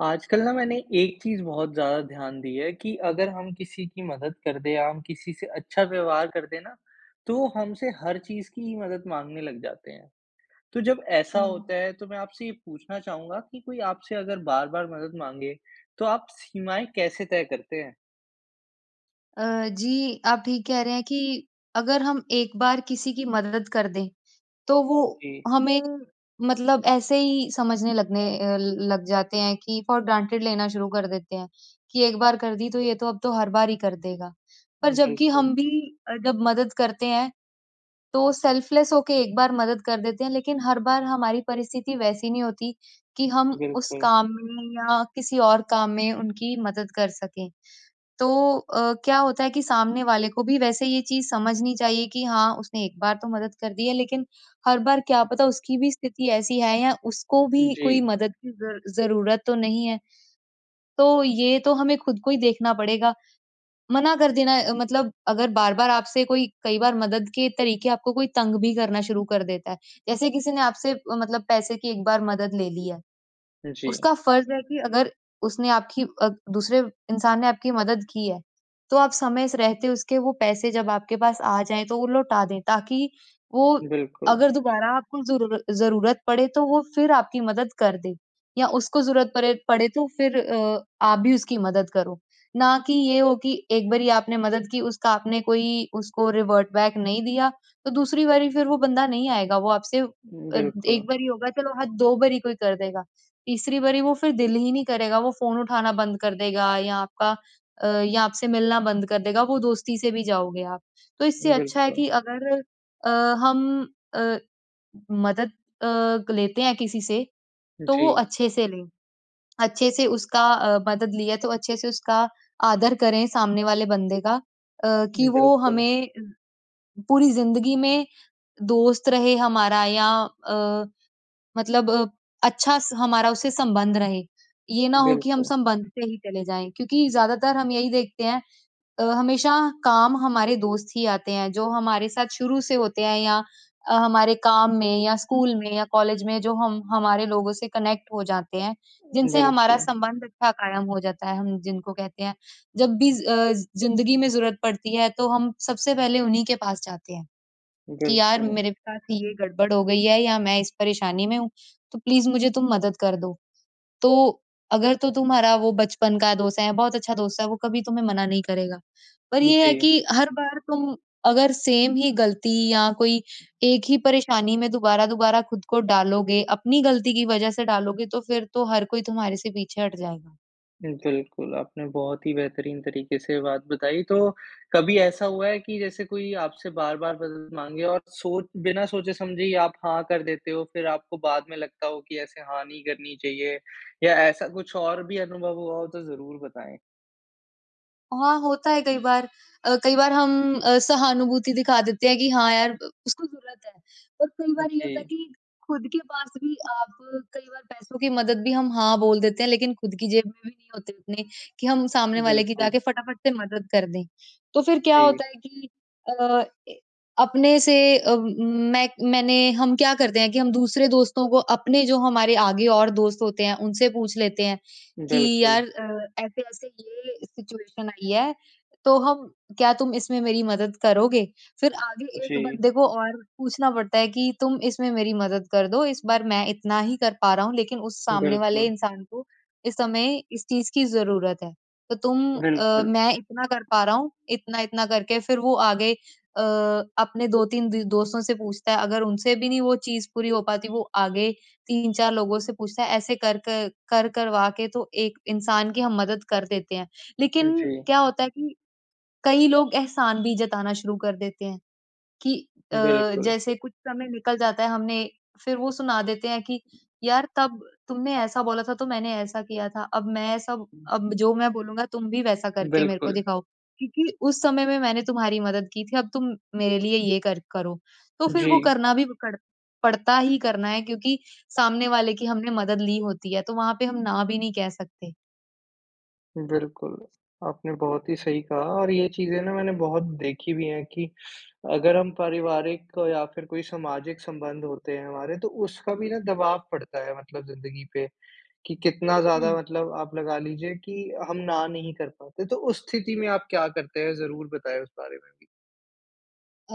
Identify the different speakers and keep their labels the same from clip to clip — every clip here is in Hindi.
Speaker 1: आजकल ना मैंने एक चीज़ बहुत ज़्यादा ध्यान दिया है कि अगर हम किसी की मदद कर दे या हम किसी से अच्छा व्यवहार कर दें ना तो वो हमसे हर चीज़ की ही मदद माँगने लग जाते हैं। तो जब ऐसा
Speaker 2: हुँ।
Speaker 1: होता है तो मैं आपसे ये पूछना चाहूँगा कि कोई आपसे अगर बार-बार मदद माँगे तो आप सीमाएँ कैसे तय करते हैं?
Speaker 2: अ, जी आप ठीक कह रहे हैं कि अगर हम एक बार किसी की मदद कर दें, तो वो
Speaker 1: जी।
Speaker 2: हमें मतलब ऐसे ही समझने लगने अ, लग जाते हैं कि फॉर ग्रांटेड लेना शुरू कर देते हैं कि एक बार कर दी तो ये तो अब तो हर बार ही कर देगा। पर जब कि
Speaker 1: बिल्कुल।
Speaker 2: हम भी अ, जब मदद करते हैं, तो सेल्फलेस हो के एक बार मदद कर देते हैं, लेकिन हर बार हमारी परिस्थिति वैसी नहीं होती कि हम उस
Speaker 1: बिल्कुल।
Speaker 2: काम में या किसी और काम में उनकी मदद कर सकें। तो अ, क्या होता है कि सामने वाले को भी वैसे ये चीज़ समझनी चाहिए कि हाँ, उसने एक बार तो मदद कर दी है, लेकिन हर बार क्या पता उसकी भी स्थिति ऐसी है या उसको भी कोई
Speaker 1: जी।
Speaker 2: मदद की ज़र ज़रूरत तो नहीं है। तो ये तो हमें खुद को ही देखना पड़ेगा। मना कर देना अ, मतलब अगर बार-बार आपसे कोई कई बार मदद के तरीके आपको कोई तंग भी करना शुरू कर देता है। जैसे किसी ने आपसे अ, मतलब पैसे की एक बार मदद ले ली है।
Speaker 1: जी।
Speaker 2: उसका फर्ज़ है कि अगर उसने आपकी अ, दूसरे इंसान ने आपकी मदद की है, तो आप समय से रहते उसके वो पैसे जब आपके पास आ जाएँ, तो वो लौटा दें, ताकि वो
Speaker 1: बिल्कुल।
Speaker 2: अगर दोबारा आपको ज़रूर ज़रूरत पड़े तो वो फिर आपकी मदद कर दे या उसको ज़रूरत परे पड़े, तो फिर अ आप भी उसकी मदद करो, ना कि ये हो कि एक बारी आपने मदद की उसका आपने कोई उसको रिवर्ट बैक नहीं दिया, तो दूसरी बारी फिर वो बंदा नहीं आएगा। वो आपसे अ,
Speaker 1: बिल्कुल।
Speaker 2: 1 बारी ही होगा चलो हाँ, 2 बारी कोई कर देगा तीसरी बारी वो फिर दिल ही नहीं करेगा। वो फ़ोन उठाना बंद कर देगा या आपका अ, या आपसे मिलना बंद कर देगा, वो दोस्ती से भी जाओगे आप। तो इससे अच्छा है
Speaker 1: बिल्कुल।
Speaker 2: कि अगर अ, हम अ, मदद अ, लेते हैं किसी से, तो वो
Speaker 1: जी।
Speaker 2: अच्छे से लें। अच्छे से उसका अ, मदद ली है, तो अच्छे से उसका आदर करें सामने वाले बंदे का अ, कि वो
Speaker 1: बिल्कुल।
Speaker 2: हमें पूरी ज़िंदगी में दोस्त रहे हमारा या अ, मतलब अच्छा स हमारा उससे संबंध रहे। ये ना हो कि हम
Speaker 1: बिल्कुल।
Speaker 2: संबंध से ही चले जाएँ, क्योंकि ज़्यादातर हम यही देखते हैं। अ, हमेशा काम हमारे दोस्त ही आते हैं जो हमारे साथ शुरू से होते हैं या अ, हमारे काम में या स्कूल में या कॉलेज में जो हम, हमारे लोगों से कनेक्ट हो जाते हैं, जिनसे हमारा
Speaker 1: बिल्कुल।
Speaker 2: संबंध अच्छा कायम हो जाता है। हम जिनको कहते हैं, जब भी अ, ज़िंदगी में ज़रूरत पड़ती है, तो हम सबसे पहले उन्हीं के पास जाते हैं कि यार
Speaker 1: बिल्कुल।
Speaker 2: मेरे पास ये गड़बड़ हो गई है या मैं इस परेशानी में हूँ, तो प्लीज़ मुझे तुम मदद कर दो। तो अगर तो तुम्हारा वो बचपन का दोस्त है या बहुत अच्छा दोस्त है, वो कभी तुम्हें मना नहीं करेगा। पर ये है
Speaker 1: जी।
Speaker 2: कि हर बार तुम अगर सेम ही गलती या कोई एक ही परेशानी में दोबारा-दोबारा खुद को डालोगे, अपनी गलती की वजह से डालोगे, तो फिर तो हर कोई तुम्हारे से पीछे हट जाएगा।
Speaker 1: बिल्कुल, आपने बहुत ही बेहतरीन तरीके से बात बताई। तो, कभी ऐसा हुआ है कि जैसे कोई आपसे बार-बार मदद माँगे और सोच बिना सोचे समझे ही आप हाँ कर देते हो, फिर आपको बाद में लगता हो कि, ऐसे हाँ नहीं करनी चाहिए? या ऐसा कुछ और भी अनुभव हुआ हो, तो ज़रूर बताएँ?
Speaker 2: हाँ, होता है कई बार। अ, कई बार हम अ, सहानुभूति दिखा देते हैं कि हाँ यार ब उसको ज़रूरत है। और कई बार ये होता है
Speaker 1: जी।
Speaker 2: कि खुद के पास भी आप कई बार पैसों की मदद भी हम हाँ बोल देते हैं, लेकिन खुद की जेब में भी नहीं होते उतने, कि हम सामने वाले की
Speaker 1: बिल्कुल।
Speaker 2: जाके फटाफट से मदद कर दें। तो फिर क्या
Speaker 1: जी।
Speaker 2: होता है कि अ ए, अपने से अ, म मैं मैंने हम क्या करते हैं कि हम दूसरे दोस्तों को, अपने जो हमारे आगे और दोस्त होते हैं, उनसे पूछ लेते हैं, कि यार
Speaker 1: बिल्कुल।
Speaker 2: अ, ऐसे-ऐसे ये सिचुएशन आई है, तो हम क्या तुम इसमें मेरी मदद करोगे? फिर आगे एक
Speaker 1: जी।
Speaker 2: बंदे को और पूछना पड़ता है कि तुम इसमें मेरी मदद कर दो, इस बार मैं इतना ही कर पा रहा हूँ, लेकिन उस सामने वाले
Speaker 1: बिल्कुल।
Speaker 2: इंसान को, इस समय इस चीज़ की ज़रूरत है। तो तुम अ,
Speaker 1: बिल्कुल।
Speaker 2: मैं इतना कर पा रहा हूँ, इतना-इतना करके फिर वो आगे अ, अपने 2-3 दो दोस्तों से पूछता है। अगर उनसे भी नहीं वो चीज़ पूरी हो पाती, वो आगे 3-4 लोगों से पूछता है। ऐसे कर क कर करवा के तो एक इंसान की हम मदद कर देते हैं। लेकिन
Speaker 1: जी।
Speaker 2: क्या होता है कि, कई लोग एहसान भी जताना शुरू कर देते हैं, कि अ,
Speaker 1: बिल्कुल।
Speaker 2: जैसे कुछ समय निकल जाता है, हमने फिर वो सुना देते हैं कि यार तब तुमने ऐसा बोला था तो मैंने ऐसा किया था। अब मैं ऐसा अब जो मैं बोलूँगा तुम भी वैसा करके मेरे को
Speaker 1: बिल्कुल।
Speaker 2: दिखाओ, क्योंकि उस समय में मैंने तुम्हारी मदद की थी, अब तुम मेरे लिए ये कर करो। तो फिर वो
Speaker 1: जी।
Speaker 2: करना भी कड़ पड़ता ही करना है, क्योंकि सामने वाले की हमने मदद ली होती है। तो वहाँ पे हम, ना भी नहीं कह सकते।
Speaker 1: बिल्कुल। आपने बहुत ही सही कहा और ये चीज़ें ना मैंने बहुत देखी भी है कि अगर हम पारिवारिक या फिर कोई सामाजिक संबंध होते हैं हमारे तो उसका भी ना दबाव पड़ता है मतलब ज़िन्दगी पे। कि कितना ज़्यादा
Speaker 2: हुँ।
Speaker 1: मतलब आप लगा लीजिए कि हम ना नहीं कर पाते तो। उस स्थिति में आप क्या करते हैं? ज़रूर बताएँ उस बारे में भी।
Speaker 2: अ,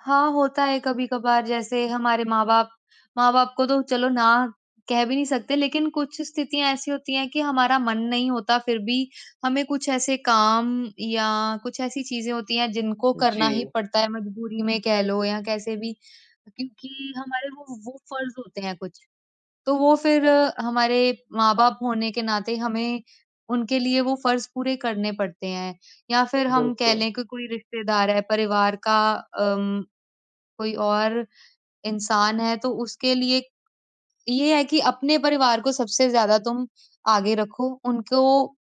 Speaker 2: हाँ, होता है कभी-कभार। जैसे हमारे माँ-बाप माँ-बाप को तो चलो ना कह भी नहीं सकते लेकिन कुछ स्थितियाँ ऐसी होती हैं कि हमारा मन नहीं होता फिर भी हमें कुछ ऐसे काम या कुछ ऐसी चीज़ें होती हैं जिनको करना ही
Speaker 1: जी।
Speaker 2: पड़ता है। मजबूरी में कह लो या कैसे भी क्योंकि हमारे वो वो फ़र्ज़ होते हैं कुछ। तो वो फिर अ, हमारे माँ-बाप होने के नाते हमें उनके लिए वो फ़र्ज़ पूरे करने पड़ते हैं। या फिर हम कह
Speaker 1: बिल्कुल।
Speaker 2: लें कि कोई रिश्तेदार है परिवार का अ, उम, कोई और इंसान है तो उसके लिए ये है कि अपने परिवार को सबसे ज़्यादा तुम आगे रखो। उनको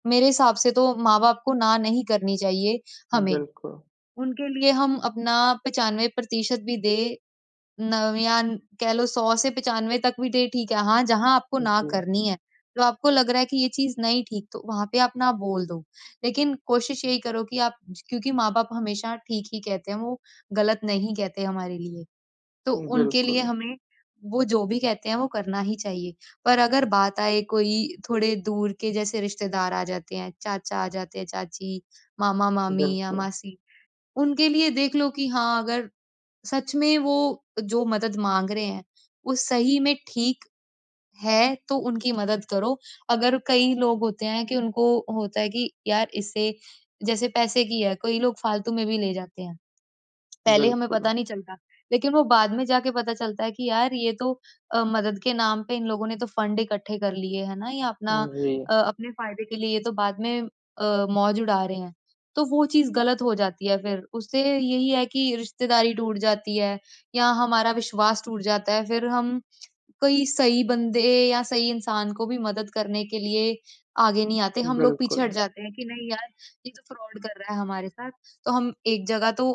Speaker 2: मेरे हिसाब से तो माँ-बाप को ना नहीं करनी चाहिए, हमें।
Speaker 1: बिल्कुल।
Speaker 2: उनके लिए हम अपना 95% भी दें नवियान कह लो 100 से 95 तक भी दे ठीक है। हाँ, जहाँ आपको ना
Speaker 1: जी।
Speaker 2: करनी है तो आपको लग रहा है कि ये चीज़ नहीं ठीक तो वहाँ पे आप ना बोल दो। लेकिन कोशिश यही करो कि आप ज क्योंकि माँ-बाप हमेशा ठीक ही कहते हैं वो ग़लत नहीं कहते हमारे लिए। तो उनके लिए
Speaker 1: बिल्कुल।
Speaker 2: हमें वो जो भी कहते हैं वो करना ही चाहिए। पर अगर बात आए कोई थोड़े दूर के जैसे रिश्तेदार आ जाते हैं, चाचा आ जाते हैं, चाची, मामा-मामी या
Speaker 1: बिल्कुल।
Speaker 2: मासी उनके लिए देख लो कि हाँ, अगर सच में वो जो मदद माँग रहे हैं वो सही में ठीक है तो उनकी मदद करो। अगर कई लोग होते हैं कि उनको होता है कि यार इसे जैसे पैसे की है कई लोग फ़ालतू में भी ले जाते हैं। पहले हमें
Speaker 1: बिल्कुल।
Speaker 2: पता नहीं चलता लेकिन वो बाद में जाके पता चलता है कि यार ये तो अ, मदद के नाम पे इन लोगों ने तो फ़ंड इकट्ठे कर लिए हैं ना। ये अपना
Speaker 1: जी।
Speaker 2: अ, अपने फ़ायदे के लिए ये तो बाद में अ, मौज उड़ा रहे हैं। तो वो चीज़ ग़लत हो जाती है। फिर उससे यही है कि रिश्तेदारी टूट जाती है या हमारा विश्वास टूट जाता है। फिर हम कई सही बंदे या सही इंसान को भी मदद करने के लिए आगे नहीं आते। हम लोग पीछे
Speaker 1: बिल्कुल।
Speaker 2: हट जाते हैं कि नहीं यार ये तो फ्रॉड कर रहा है हमारे साथ। तो हम एक जगह तो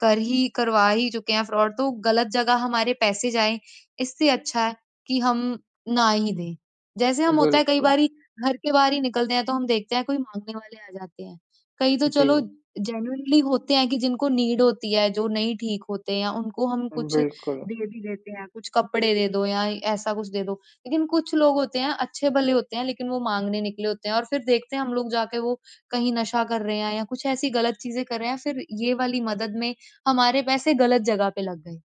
Speaker 2: कर ही करवा ही चुके हैं फ्रॉड तो ग़लत जगह हमारे पैसे जाएँ, इससे अच्छा है कि हम ना ही दें। जैसे हम होता है कई
Speaker 1: बिल्कुल।
Speaker 2: बारी घर के बाहर ही निकलते हैं तो हम देखते हैं कोई माँगने वाले आ जाते हैं। कई तो चलो
Speaker 1: जी।
Speaker 2: जेनुइनली होते हैं कि जिनको नीड होती है जो नहीं ठीक होते हैं उनको हम
Speaker 1: उम,
Speaker 2: कुछ
Speaker 1: बिल्कुल।
Speaker 2: दे भी देते हैं, कुछ कपड़े दे दो या ऐसा कुछ दे दो। लेकिन कुछ लोग होते हैं, अच्छे-भले होते हैं लेकिन वो माँगने निकले होते हैं और फिर देखते हैं हम लोग जाके वो कहीं नशा कर रहे हैं या कुछ ऐसी ग़लत चीज़ें कर रहे हैं फिर ये वाली मदद में हमारे पैसे ग़लत जगह पे लग गए।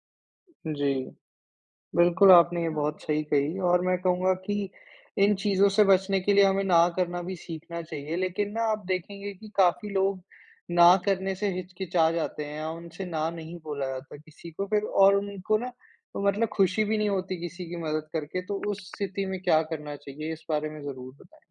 Speaker 1: जी। बिल्कुल, आपने ये
Speaker 2: हाँ।
Speaker 1: बहुत सही कही और मैं कहूँगा कि इन चीज़ों से बचने के लिए हमें ना करना भी सीखना चाहिए। लेकिन ना, आप देखेंगे कि काफ़ी लोग ना करने से हिचकिचा जाते हैं या उनसे ना नहीं बोला जाता किसी को। फिर और उनको ना मतलब खुशी भी नहीं होती किसी की मदद करके। तो उस स्थिति में क्या करना चाहिए, इस बारे में ज़रूर बताएँ।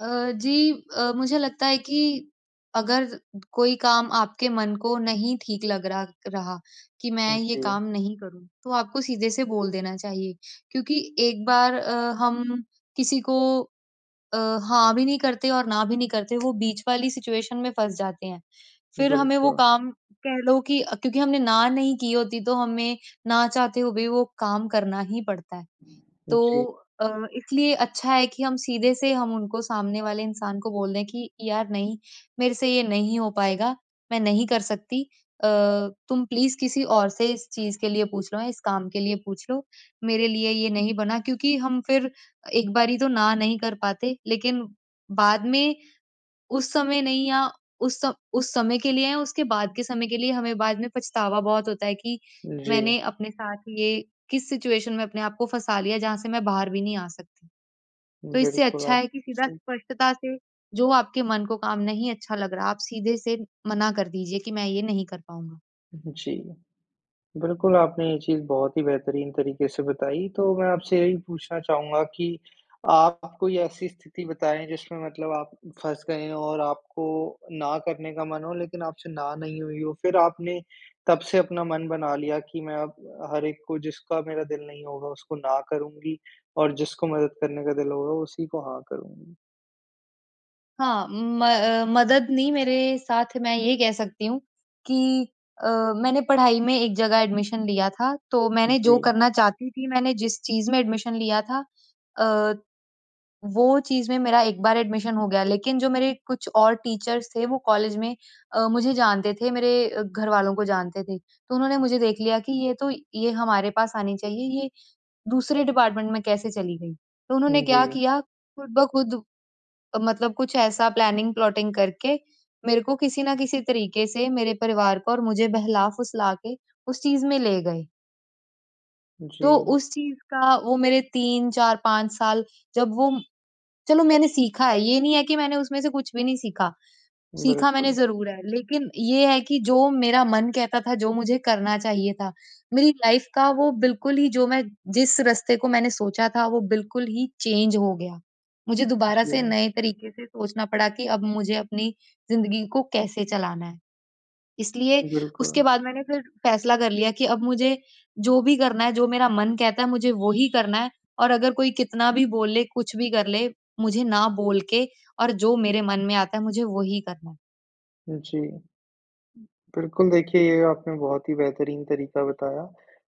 Speaker 2: अ, जी। अ, मुझे लगता है कि अगर कोई काम आपके मन को नहीं ठीक लग रहा रहा कि मैं ये
Speaker 1: जी।
Speaker 2: काम नहीं करूँ, तो आपको सीधे-से बोल देना चाहिए। क्योंकि एक बार अ, हम किसी को अ, हाँ भी नहीं करते और ना भी नहीं करते, वो बीच वाली सिचुएशन में फँस जाते हैं। फिर हमें वो
Speaker 1: बिल्कुल।
Speaker 2: काम कह लो कि क्योंकि हमने ना नहीं की होती, तो हमें ना चाहते हुए भी वो काम करना ही पड़ता है। तो
Speaker 1: जी।
Speaker 2: अ, इसलिए अच्छा है कि हम सीधे से हम उनको सामने वाले इंसान को बोल दें कि यार नहीं, मेरे से ये नहीं हो पाएगा। मैं नहीं कर सकती। अ, तुम प्लीज़ किसी और से इस चीज़ के लिए पूछ लो, इस काम के लिए पूछ लो। मेरे लिए ये नहीं बना। क्योंकि हम फिर एक बारी तो ना नहीं कर पाते, लेकिन बाद में उस समय नहीं या उस उस समय के लिए या उसके बाद के समय के लिए हमें बाद में पछतावा बहुत होता है कि
Speaker 1: जी।
Speaker 2: मैंने अपने साथ ये किस सिचुएशन में अपने आप को फँसा लिया, जहाँ से मैं बाहर भी नहीं आ सकती। तो इससे
Speaker 1: बिल्कुल।
Speaker 2: अच्छा
Speaker 1: आप
Speaker 2: है कि सीधा
Speaker 1: सही
Speaker 2: स्पष्टता से जो आपके मन को काम नहीं अच्छा लग रहा, आप सीधे से मना कर दीजिए कि मैं ये नहीं कर पाऊँगा।
Speaker 1: जी। बिल्कुल आपने ये चीज़ बहुत ही बेहतरीन तरीके से बताई। तो मैं आपसे यही पूछना चाहूँगा कि, आप कोई ऐसी स्थिति बताएँ जिसमें मतलब आप फँस गए हों और आपको, ना करने का मन हो लेकिन आपसे, ना नहीं हुई हो? फिर आपने, तब से अपना मन बना लिया कि मैं अब, हर एक को जिसका मेरा दिल नहीं होगा उसको, ना करूँगी और जिसको मदद करने का दिल होगा उसी को, हाँ करूँगी।
Speaker 2: हाँ म अ, मदद नहीं मेरे साथ मैं ये कह सकती हूँ कि अ, मैंने पढ़ाई में एक जगह एडमिशन लिया था। तो मैंने जो
Speaker 1: जी।
Speaker 2: करना चाहती थी, मैंने जिस चीज़ में एडमिशन लिया था अ, वो चीज़ में मेरा एक बार एडमिशन हो गया। लेकिन जो मेरे कुछ और टीचर्स थे, वो कॉलेज में अ, मुझे जानते थे मेरे घरवालों को जानते थे। तो उन्होंने मुझे देख लिया कि ये तो ये हमारे पास आनी चाहिए ये दूसरे डिपार्टमेंट में कैसे चली गई। तो उन्होंने क्या
Speaker 1: जी।
Speaker 2: किया, खुद ब खुद मतलब कुछ ऐसा प्लानिंग-प्लॉटिंग करके मेरे को किसी न किसी तरीके से, मेरे परिवार पर मुझे बहला-फुसला के उस चीज़ में ले गए। तो
Speaker 1: जी।
Speaker 2: उस चीज़ का वो मेरे 3, 4, 5 साल जब वो चलो मैंने सीखा है। ये नहीं है कि मैंने उसमें से कुछ भी नहीं सीखा। सीखा मैंने
Speaker 1: बिल्कुल।
Speaker 2: ज़रूर है लेकिन ये है कि जो मेरा मन कहता था, जो मुझे करना चाहिए था, मेरी लाइफ़ का वो बिल्कुल ही जो मैं जिस रस्ते को मैंने सोचा था वो बिल्कुल ही चेंज हो गया। मुझे दोबारा
Speaker 1: जी
Speaker 2: से
Speaker 1: हाँ।
Speaker 2: नए तरीके से सोचना पड़ा कि अब मुझे अपनी ज़िंदगी को कैसे चलाना है? इसलिए
Speaker 1: बिल्कुल।
Speaker 2: उसके बाद मैंने फिर फ़ैसला कर लिया कि अब मुझे जो भी करना है जो मेरा मन कहता है, मुझे वो ही करना है और अगर कोई कितना भी बोल ले, कुछ भी कर ले, मुझे ना बोल के और जो मेरे मन में आता है मुझे वो ही करना है।
Speaker 1: जी। बिल्कुल, देखिए ये आपने बहुत ही बेहतरीन तरीका बताया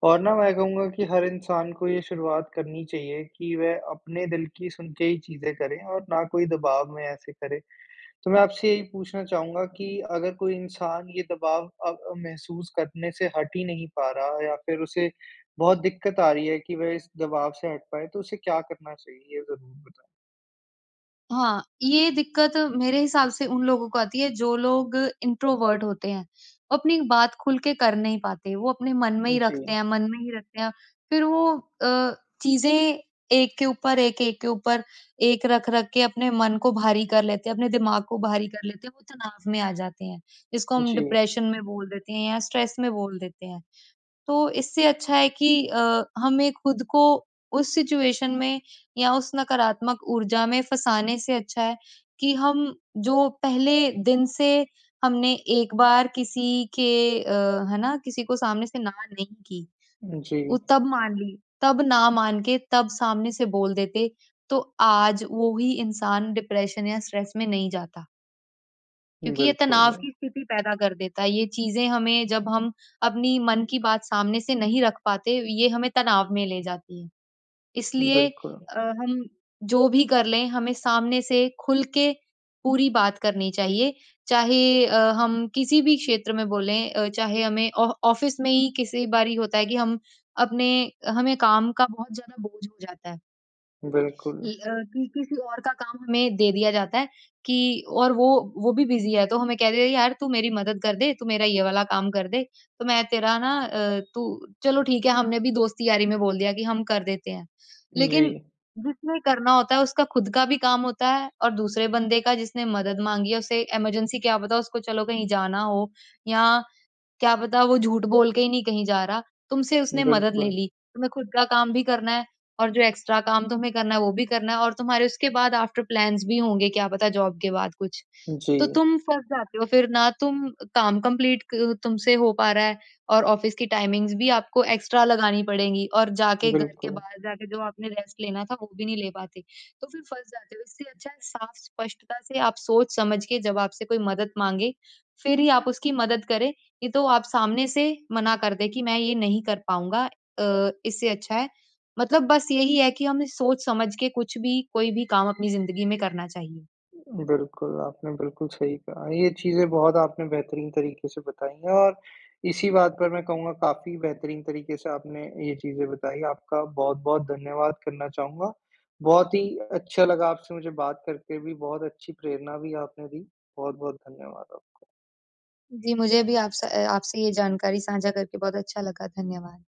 Speaker 1: और ना, मैं कहूँगा कि हर इंसान को ये शुरुआत करनी चाहिए कि वह अपने दिल की सुन के ही चीज़ें करें और ना कोई दबाव में ऐसे करे। तो मैं आपसे यही पूछना चाहूँगा कि अगर कोई इंसान ये दबाव अब अ, महसूस करने से हट ही नहीं पा रहा या फिर उसे बहुत दिक्कत आ रही है कि वह इस दबाव से हट पाए, तो उसे क्या करना चाहिए? ये ज़रूर बताएँ।
Speaker 2: हाँ, ये दिक्कत मेरे हिसाब से उन लोगों को आती है जो लोग इंट्रोवर्ट होते हैं, अपनी बात खुल के कर नहीं पाते, वो अपने मन में ही रखते
Speaker 1: जी।
Speaker 2: हैं, मन में ही रखते हैं, फ़िर वो अ, चीज़ें एक के ऊपर एक, एक के ऊपर एक रख-रख के अपने मन को भारी कर लेते हैं, अपने दिमाग को भारी कर लेते हैं, वो तनाव में आ जाते हैं, इसको हम
Speaker 1: जी।
Speaker 2: डिप्रेशन में बोल देते हैं या स्ट्रेस में बोल देते हैं, तो इससे अच्छा है कि अ, हमें ख़ुद को उस सिचुएशन में या उस नकारात्मक ऊर्जा में फँसाने से अच्छा है कि हम जो पहले दिन से हमने एक बार किसी के अ, है ना किसी को सामने से ना नहीं की,
Speaker 1: जी।
Speaker 2: वो तब मान ली, तब ना मान के तब सामने से बोल देते, तो आज वो ही इंसान डिप्रेशन या स्ट्रेस में नहीं जाता। क्योंकि ये तनाव
Speaker 1: बिल्कुल।
Speaker 2: की स्थिति पैदा कर देता है, ये चीज़ें हमें जब हम अपनी मन की बात सामने से नहीं रख पाते, ये हमें तनाव में ले जाती है, इसलिए
Speaker 1: बिल्कुल।
Speaker 2: अ, हम जो भी कर लें हमें सामने से खुल के पूरी बात करनी चाहिए, चाहे अ, हम किसी भी क्षेत्र में बोलें, अ, चाहे हमें आ ऑफ़िस में ही किसी बारी होता है कि हम अपने हमें काम का बहुत ज़्यादा बोझ हो जाता है। ल
Speaker 1: बिल्कुल।
Speaker 2: अ, कि किसी और का काम हमें दे दिया जाता है कि और वो वो भी बिज़ी है। तो हमें कह देते हैं यार तू मेरी मदद कर दे, तू मेरा ये वाला काम कर दे। तो मैं तेरा ना अ, तू चलो ठीक है हमने भी दोस्ती यारी में बोल दिया कि हम कर देते हैं। लेकिन
Speaker 1: जी।
Speaker 2: जिसने करना होता है उसका ख़ुद का भी काम होता है और दूसरे बंदे का जिसने मदद मांगी है उसे इमरजेंसी क्या पता उसको चलो कहीं जाना हो या क्या पता वो झूठ बोल के ही नहीं कहीं जा रहा तुमसे उसने मदद ले
Speaker 1: बिल्कुल।
Speaker 2: ली। तुम्हें ख़ुद का काम भी करना है और जो एक्स्ट्रा काम तुम्हें करना है वो भी करना है और तुम्हारे उसके बाद आफ्टर प्लान्स भी होंगे क्या पता जॉब के बाद कुछ। तो
Speaker 1: जी।
Speaker 2: तुम फँस जाते हो फ़िर ना तुम काम कंप्लीट क तुमसे हो पा रहा है और ऑफ़िस की टाइमिंग्स भी आपको एक्स्ट्रा लगानी पड़ेंगी और जा के घर के
Speaker 1: बिल्कुल।
Speaker 2: बाहर जाके जो आपने रेस्ट लेना था वो भी नहीं ले पाते तो फ़िर फँस जाते हो। इससे अच्छा है साफ़ स्पष्टता से आप सोच समझ के जब आपसे कोई मदद मांगे फ़िर ही आप उसकी मदद करें नहीं तो आप सामने से मना कर दें कि मैं ये नहीं कर पाऊँगा। अ, इससे अच्छा है मतलब बस यही है कि हमें सोच समझ के कुछ भी कोई भी काम अपनी जिंदगी में करना चाहिए।
Speaker 1: बिल्कुल, आपने बिल्कुल सही कहा, ये चीज़ें बहुत आपने बेहतरीन तरीके से बताई हैं और इसी बात पर मैं कहूँगा काफ़ी बेहतरीन तरीके से आपने ये चीज़ें बताई, आपका बहुत-बहुत धन्यवाद करना चाहूँगा, बहुत ही अच्छा लगा आपसे मुझे बात करके, भी बहुत अच्छी प्रेरणा भी आपने दी, बहुत-बहुत धन्यवाद आपको।
Speaker 2: जी मुझे भी आपस अ, आपसे ये जानकारी साझा करके बहुत अच्छा लगा। धन्यवाद!